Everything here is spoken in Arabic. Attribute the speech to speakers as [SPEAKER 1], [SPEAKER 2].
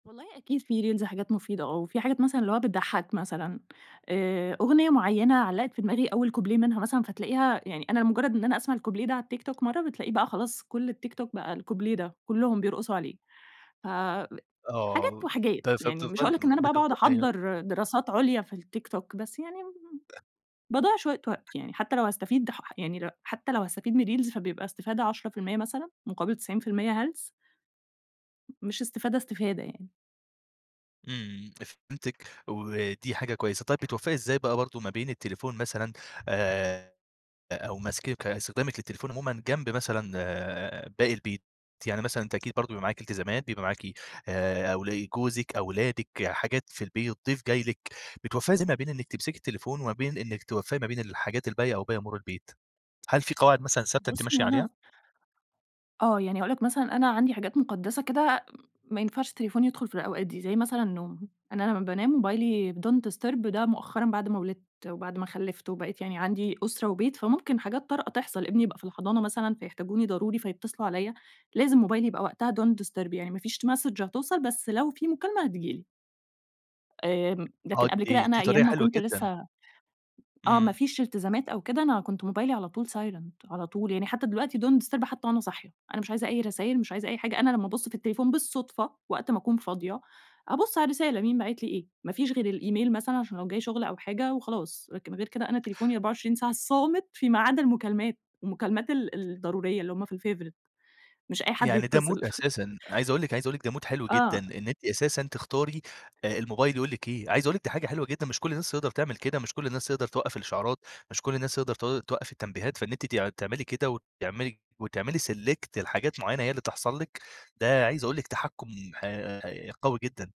[SPEAKER 1] والله أكيد في reels حاجات مفيدة آه، وفي حاجات مثلًا اللي هو بتضحك مثلًا آآ، أغنية معينة علقت في دماغي أول كوبليه منها مثلًا فتلاقيها يعني أنا مجرد إن أنا أسمع الكوبليه ده على التيك توك مرة بتلاقيه بَقى خلاص كل التيك توك بَقى الكوبليه ده، كلهم بيرقصوا عليه ف حاجات
[SPEAKER 2] آه،
[SPEAKER 1] وحاجات،
[SPEAKER 2] طيب
[SPEAKER 1] يعني مش
[SPEAKER 2] فبتفضلي
[SPEAKER 1] هاقول لك إن أنا بَقى باقعد
[SPEAKER 2] بتفضل أيوه.
[SPEAKER 1] أحضّر دراسات عليا في التيك توك، بس يعني باضيع شوية وقت يعني حتى لو هاستفيد ح ح يعني حتى لو هاستفيد من الreels فبيبقى إستفادة 10% مثلًا مقابل 90% هلس. مش إستفادة إستفادة يعني.
[SPEAKER 2] إمم، فهمتِك ودي حاجة كويسة، طيب بتوفقي إزاي بَقى برضه ما بين التليفون مثلًا آآ، أو مسك استخدامِك للتليفون عمومًا جنب مثلًا آآ، باقي البيت؟ يعني مثلًا أنتِ أكيد برضه بيبقى معاكِ التزامات بيبقى معاكِ آآ أول جوزِك أولادِك حاجات في البيت ضيف جاي لِك بتوفقي إزاي ما بين إنِك تمسكي التليفون وما بين إنك توفقي ما بين الحاجات الباقية أو باقي أمور البيت؟ هل في قواعد مثلًا ثابتة أنتِ
[SPEAKER 1] بص
[SPEAKER 2] ماشية
[SPEAKER 1] هو
[SPEAKER 2] عليها؟
[SPEAKER 1] أنا آه، يعني هاقول لك مثلًا أنا عندي حاجات مقدسة كده ما ينفعش التليفون يدخل في الأوقات دي، زي مثلًا النوم أنا لما بانام موبايلي don't disturb ده مؤخرًا بعد ما ولِدت وبعد ما خَلِّفت وبقيت يعني عندي أسرة وبيت فممكن حاجات طارئة تحصل، ابني يبقى في الحضانة مثلًا فيحتاجوني ضروري فيتصلوا عليَّ لازم موبايلي يبقى وقتها don't disturb يعني مافيش message هتوصل بس لو في مكالمة هتيجي لي. آمم، لكن
[SPEAKER 2] آه
[SPEAKER 1] قبل
[SPEAKER 2] دي
[SPEAKER 1] كده
[SPEAKER 2] دي
[SPEAKER 1] أنا أيام
[SPEAKER 2] طريقة
[SPEAKER 1] ما
[SPEAKER 2] حلوة
[SPEAKER 1] كنت
[SPEAKER 2] جدًا.
[SPEAKER 1] لسه آه ما
[SPEAKER 2] إمم.
[SPEAKER 1] فيش التزامات أو كده أنا كنت موبايلي على طول silent على طول يعني حتى دلوقتي don't disturb حتى وأنا صاحية، أنا مش عايزة أي رسايل مش عايزة أي حاجة أنا لما أبص في التليفون بالصدفة وقت ما أكون فاضية أبص على الرسالة مين باعِت لي إيه ما فيش غير الإيميل مثلًا عشان لو جاي شغل أو حاجة وخلاص، غير كده أنا تليفوني 24 ساعة صامت في ما عدا المكالمات، المكالمات ال الضرورية اللي هُم في الfavourite مش أي حد
[SPEAKER 2] يعني ده
[SPEAKER 1] يتصل.
[SPEAKER 2] mood أساسًا، عايز أقول لِك عايز أقول لِك ده mood حلو جدًا
[SPEAKER 1] آه.
[SPEAKER 2] إن أنتِ أساسًا تختاري الموبايل يقول لِك إيه عايز أقول لِك دي حاجة حلوة جدًا مش كل الناس تِقدَر تعمل كده، مش كل الناس تقدر توقف الإشعارات مش كل الناس تقدر تو توقف التنبيهات، فإن أنتِ تعملي كده وتعملي وتعملي select لحاجات معينة هي اللي تحصل لِك، ده عايز أقول لِك تحكم ح ح قوي جدًا.